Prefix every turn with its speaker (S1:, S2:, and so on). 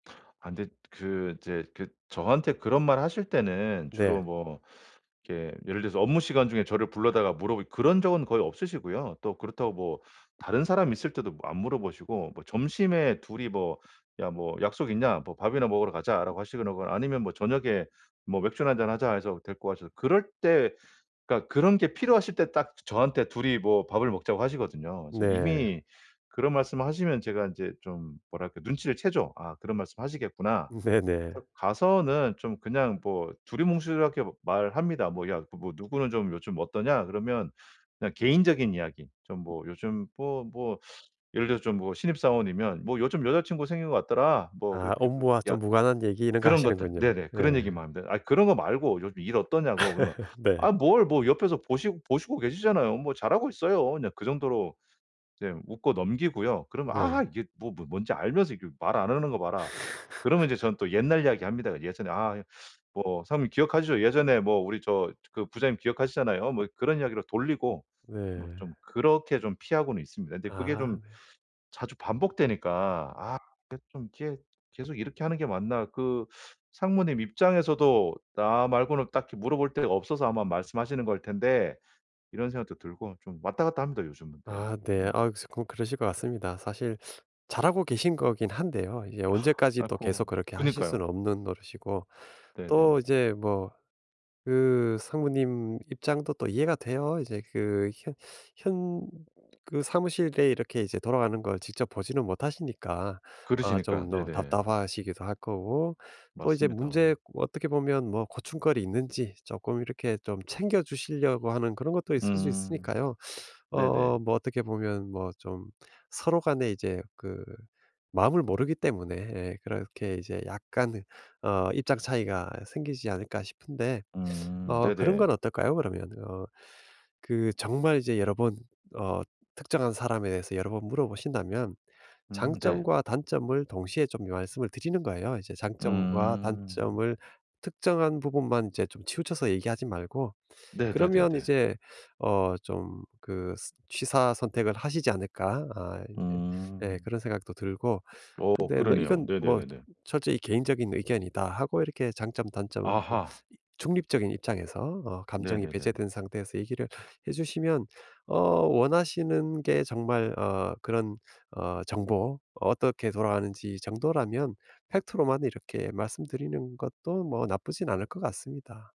S1: 아 근데 그 이제 그 저한테 그런 말 하실 때는
S2: 네.
S1: 주로 뭐 이게 예를 들어서 업무 시간 중에 저를 불러다가 물어보고 그런 적은 거의 없으시고요. 또 그렇다고 뭐 다른 사람 있을 때도 뭐 안 물어보시고 뭐 점심에 둘이 뭐 "야 뭐 약속 있냐 뭐 밥이나 먹으러 가자."라고 하시거나 아니면 뭐 "저녁에 뭐 맥주나 1잔 하자." 해서 데리고 가셔서 그럴 때 그러니까 그런 게 필요하실 때 딱 저한테 둘이 뭐 밥을 먹자고 하시거든요. 그래서
S2: 네.
S1: 이미 그런 말씀을 하시면 제가 인제 좀 뭐랄까 눈치를 채죠. 아 그런 말씀 하시겠구나.
S2: 네네.
S1: 그래서 가서는 좀 그냥 뭐 두루뭉술하게 뭐 말합니다. 뭐 "야 뭐 누구는 좀 요즘 어떠냐?" 그러면 그냥 개인적인 이야기 좀 뭐 요즘 뭐, 뭐 예를 들어서 좀 뭐 신입사원이면 뭐 "요즘 여자친구 생긴 것 같더라." 뭐
S2: 아
S1: 그렇게, 그렇게
S2: 업무와
S1: "야"
S2: 좀 무관한 얘기 이런 것
S1: 그런 것들
S2: 하시는군요.
S1: 네네
S2: 예.
S1: 그런 얘기만 합니다. 아 그런 것 말고 요즘 일 어떠냐고 그러면
S2: 네.
S1: "아 뭘 뭐 옆에서 보시고 보시고 계시잖아요. 뭐 잘하고 있어요." 그냥 그 정도로 이제 웃고 넘기고요. 그러면
S2: 네.
S1: "아 이게 뭐 뭐 뭔지 알면서 이게 말 안 하는 거 봐라." 그러면 이제 전 또 옛날 이야기 합니다. "예전에 아 뭐 사장님 기억하시죠? 예전에 뭐 우리 저 그 부장님 기억하시잖아요." 뭐 그런 이야기로 돌리고 뭐
S2: 네.
S1: 좀 그렇게 좀 피하고는 있습니다. 근데 그게
S2: 아
S1: 좀
S2: 네.
S1: 자주 반복되니까 '아 근데 좀 이렇게 계속 이렇게 하는 게 맞나 그 상무님 입장에서도 나 말고는 딱히 물어볼 데가 없어서 아마 말씀하시는 걸 텐데.' 이런 생각도 들고 좀 왔다 갔다 합니다, 요즘은. 네.
S2: 아 네.
S1: 음.
S2: 아 쪼끔 그러실 것 같습니다. 사실 잘하고 계신 거긴 한데요. 이게 언제까지 또
S1: 아이코
S2: 계속 그렇게 하실
S1: 그니까요.
S2: 수는 없는 노릇이고 또
S1: 네네.
S2: 이제 뭐 그 상무님 입장도 또 이해가 돼요. 이제 그 현 현 그 사무실에 이렇게 이제 돌아가는 걸 직접 보지는 못하시니까 아
S1: 그르시니깐
S2: 좀 너
S1: 네네.
S2: 답답하시기도 할 거고 또 이제
S1: 맞습니다.
S2: 문제 어떻게 보면 뭐 고충거리 있는지 쪼끔 이렇게 좀 챙겨주시려고 하는 그런 것도 있을 수
S1: 음
S2: 있으니까요.
S1: 네네.
S2: 어 뭐 어떻게 보면 뭐 좀 서로 간의 이제 그 마음을 모르기 때문에 예 그렇게 이제 약간의 어 입장 차이가 생기지 않을까 싶은데
S1: 음
S2: 어 그런 건
S1: 네네.
S2: 어떨까요? 그러면 어 그 정말 이제 여러 번 어 특정한 사람에 대해서 여러 번 물어보신다면
S1: 음 네.
S2: 장점과 단점을 동시에 좀 말씀을 드리는 거예요. 이제 장점과
S1: 음.
S2: 단점을 특정한 부분만 이제 좀 치우쳐서 얘기하지 말고 그러면
S1: 네네네네.
S2: 이제 어 좀 그 스 취사선택을 하시지 않을까? 아 이제 예
S1: 음.
S2: 그런 생각도 들고
S1: 어
S2: 근데
S1: 그러네요.
S2: 이건 뭐
S1: 네네네네.
S2: "철저히 개인적인 의견이다." 하고 이렇게 장점, 단점을 또
S1: 아하.
S2: 중립적인 입장에서 어 감정이
S1: 네네네네.
S2: 배제된 상태에서 얘기를 해 주시면 어 원하시는 게 정말 어 그런 어 정보 어떻게 돌아가는지 정도라면 팩트로만 이렇게 말씀드리는 것도 뭐 나쁘진 않을 것 같습니다.